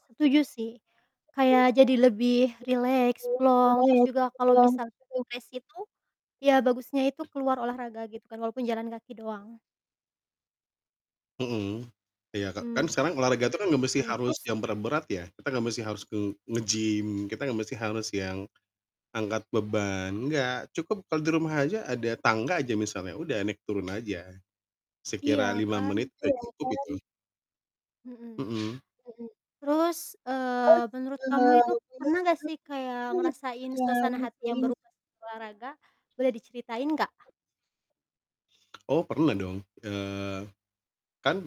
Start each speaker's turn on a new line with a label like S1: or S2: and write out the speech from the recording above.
S1: Setuju sih. Kayak jadi lebih rileks, plong, terus juga kalau misal stres itu ya bagusnya itu keluar olahraga, gitu kan, walaupun jalan kaki doang.
S2: Mhm. Iya, Kak, kan
S1: Mmm,
S2: sekarang olahraga itu kan nggak mesti harus
S1: terus?
S2: yang berat-berat ya, kita nggak mesti harus ke
S1: I
S2: nge-gym, kita nggak mesti harus yang angkat beban, nggak. Cukup kalau di rumah aja ada tangga aja misalnya, udah, naik turun aja. Sekira
S1: Iya
S2: 5
S1: kan?
S2: menit udah cukup itu.
S1: Mhm.
S2: Mhm.
S1: Terus, eee, menurut kamu itu pernah gak sih kayak ngerasain suasana hati yang berubah setelah olahraga? Boleh diceritain gak?
S2: Oh, pernah dong, eee, kan